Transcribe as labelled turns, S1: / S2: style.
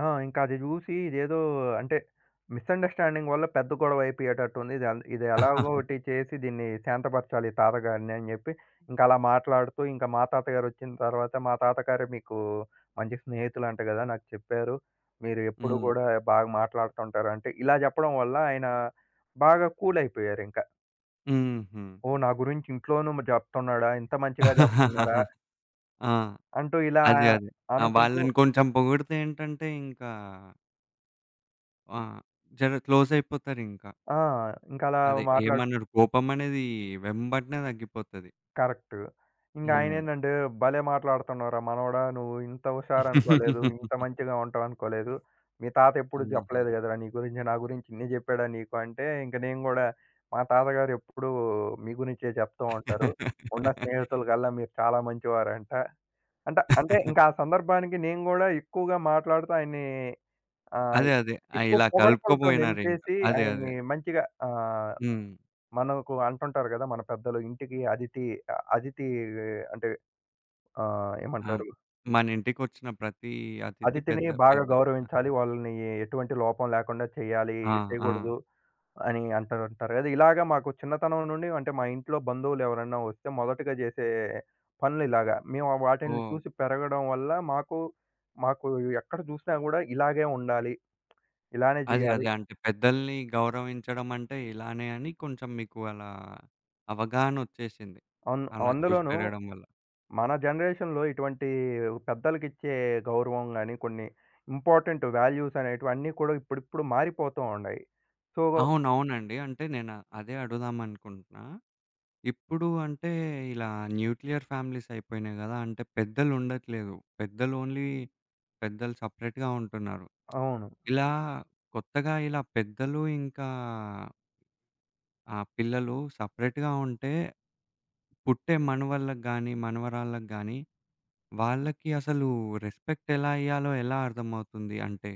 S1: ఆ! ఇంకది జూసి ఇదేదో అంటే, మిసండర్‌స్టాండింగ్ వల్ల పెద్ద గొడవైపోయేటట్టుంది. ఇదంద్ ఇది ఎలాగోకటి చేసి దీన్ని శాంతపరచాలి తాతగారిని అని జెప్పి, ఇంక అలా మాట్లాడుతూ ఇంక మా తాతగారొచ్చిన తర్వాత మా తాతగారే మీకూ మంచి స్నేహితులంట గదా! నాకు చెప్పారు. మీరెప్పుడూ
S2: హ్మ్.
S1: గూడా బాగా మాట్లాడతా ఉంటారంటే, ఇలా జెప్పడం వల్ల ఆయన బాగా కూలైపోయారింకా.
S2: హుహు.
S1: ఓహ్! నా గురించి ఇంట్లోనూ జెప్తన్నాడా? ఇంత మంచిగా జెప్తున్నారా?
S2: ఆ!
S1: అంటూ ఇలా
S2: అదే. అదే. ఆ
S1: అనుకుంటూ
S2: వాళ్ళని కొంచం పోగుడితే ఏంటంటే ఇంకా ఆ! జర క్లోజయిపోతారింకా.
S1: ఆ! ఇంకలా
S2: అదే
S1: మాట్లాడు
S2: ఏమన్నాడు? కోపమనేదీ వెంబటనే తగ్గిపోతది.
S1: కరక్ట్.
S2: హ్మ్.
S1: ఇంగాయనేందంటే, "భలే మాట్లాడతన్నావురా మనవడా! నువ్వు ఇంత హుషారనుకోలేదు. ఇంత మంచిగా ఉంటావనుకోలేదు. మీ తాతెప్పుడూ
S2: ఆహా!
S1: చెప్పలేదు గద రా నీ గురించి, నా గురించి ఇన్ని జెప్పాడా నీకు?" అంటే ఇంక నేను గూడా మా తాతగారు ఎప్పుడూ మీ గురించే జెప్తూ ఉంటారు. ఉన్న స్నేహితులగల్లా మీరు చాలా మంచివారంట. అంట అంటే, ఇంక ఆ సందర్భానికి నేను గూడా ఎక్కువగా మాట్లాడుతూ ఆయన్నీ ఆహ్,
S2: అదే. అదే. ఆ!
S1: ఎక్కువ
S2: ఇలా
S1: పొగడ్తలతో
S2: కలుపుకపోయినారింక.
S1: నింపేసి
S2: అదే. అదే.
S1: ఆయన్ని మంచిగా ఆహ్,
S2: హ్మ్.
S1: మనకు అంటుంటారు గదా! మన పెద్దలు ఇంటికి అదితి అథితీ అంటే ఆహ్,
S2: ఆ!
S1: ఏమంటారు?
S2: మన ఇంటికొచ్చిన ప్రతీ అతిథి
S1: అతిథిని
S2: పెద్ద
S1: బాగా
S2: పెద్ద ఆహ్
S1: గౌరవించాలి. వాళ్ళనీ ఎటువంటి లోపం లేకుండా చెయ్యాలి
S2: ఆ! ఆ!
S1: చేయగూడదు అని అంటా ఉంటారు గదా! ఇలాగ మాకు చిన్నతనం నుండి అంటే, మా ఇంట్లో బంధువులెవరన్నా వస్తే మొదటిగా జేసే పనులిలాగ మేము వాటిలిని
S2: ఓహ్!
S1: చూసి పెరగడం వల్ల, మాకు మాకు ఎక్కడ జూసినా గూడా ఇలాగే ఉండాలి, ఇలానే
S2: అదే.
S1: జెయ్యాలి.
S2: అదే. అంటే పెద్దల్ని గౌరవించడం అంటే ఇలానే అని కొంచం మీకు అలా అవగాహనొచ్చేసింది.
S1: అన్
S2: అలా చూసి
S1: అందులోనూ
S2: పెరగడం వల్ల.
S1: మన జనరేషన్‌లో ఇటువంటీ పెద్దలకిచ్చే గౌరవం గాని, కొన్ని ఇంపార్టెంట్ వాల్యూస్ అనేటివి అన్నీ కూడా ఇప్పుడిప్పుడు మారిపోతూ ఉండాయి. సో
S2: అవును. అవునండి. అంటే నేను అదే అడుగుదామనుకుంటున్నా, ఇప్పుడు అంటే ఇలా న్యూక్లియర్ ఫ్యామిలీసయిపోయినాయి గదా! అంటే పెద్దలుండట్లేదు. పెద్దలు ఓన్లీ పెద్దలు సెపరేట్‌గా ఉంటున్నారు.
S1: అవును.
S2: ఇలా కొత్తగా ఇలా పెద్దలు ఇంకా ఆ! పిల్లలు సెపరేట్‌గా ఉంటే పుట్టే మనవళ్ళకి గానీ, మనవరాళ్ళకి గానీ వాళ్ళకి అసలు రెస్పెక్ట్ ఎలా ఇయ్యాలో ఎలా అర్థమవుతుంది? అంటే